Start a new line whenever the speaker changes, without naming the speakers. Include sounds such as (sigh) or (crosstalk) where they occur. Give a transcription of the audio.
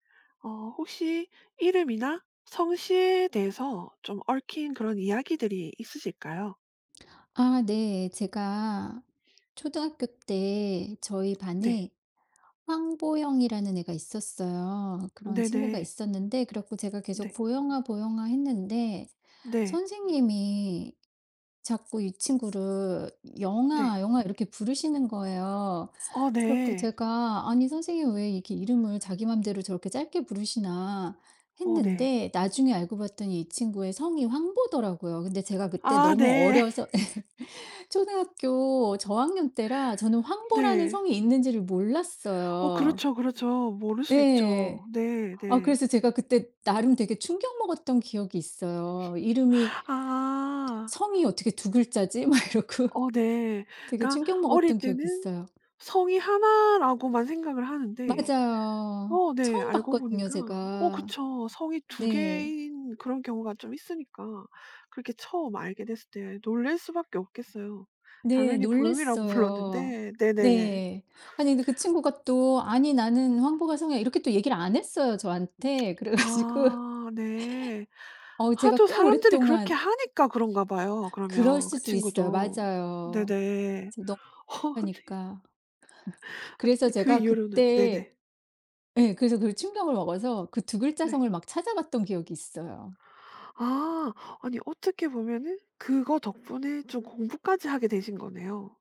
어 혹시 이름이나 성씨에 대해서 좀 얽힌 그런 이야기들이 있으실까요?
아 네. 제가 초등학교 때 저희
네.
반에 황보영이라는 애가 있었어요. 그런 친구가
네네.
있었는데 그래 가지고 제가 계속
네.
"보영아, 보영아." 했는데
네.
선생님이 자꾸 이 친구를 "영아,
네.
영아." 이렇게 부르시는 거예요.
아
그래 가지고
네.
제가 '아니 선생님은 왜 이렇게 이름을 자기 맘대로 저렇게 짧게 부르시나.'
어 네.
했는데 나중에 알고 봤더니 이 친구의 성이 황보더라고요. 근데 제가 그때
아
너무
네.
어려서 (laughs) 초등학교 저학년 때라 저는 황보라는
네.
성이 있는지를
어
몰랐어요.
그렇죠, 그렇죠. 모를 수 있죠.
예.
네.
아
네.
그래서 제가 그때 나름 되게 충격 먹었던 기억이 있어요. 이름이
아.
'성이 어떻게 2 글자지?' 막 이러고.
어 네.
되게
그러니까
충격
어릴
먹었던 기억이
때는
있어요.
성이 1 라고만 생각을 하는데
맞아요.
어 네.
처음
알고
봤거든요
보니까 어
제가.
그쵸. 성이 2
네.
개인 그런 경우가 좀 있으니까 그렇게 처음 알게 됐을 때 놀랄 수밖에 없겠어요.
네
당연히 보영이라고
놀랬어요.
불렀는데 네네.
네. 아니 근데 그 친구가 또 "아니. 나는 황보가 성이야." 이렇게 또 얘기를 안 했어요 저한테. 그래 가지고
아 네.
어 제가
하도
꽤
사람들이 그렇게
오랫동안
하니까 그런가 봐요.
그럴
그러면 그
수도 있어요.
친구도.
맞아요.
네네.
지금 너
어
(unintelligible)
아니
하니까 (laughs)
아
그래서
근데 그
제가
이후로는
그때
네네.
예 그래서 그 충격을 먹어서 그 2 글자
네.
성을 막 찾아봤던 기억이 있어요.
아. 아니 어떻게 보면은 그거 덕분에 좀 공부까지 하게 되신 거네요.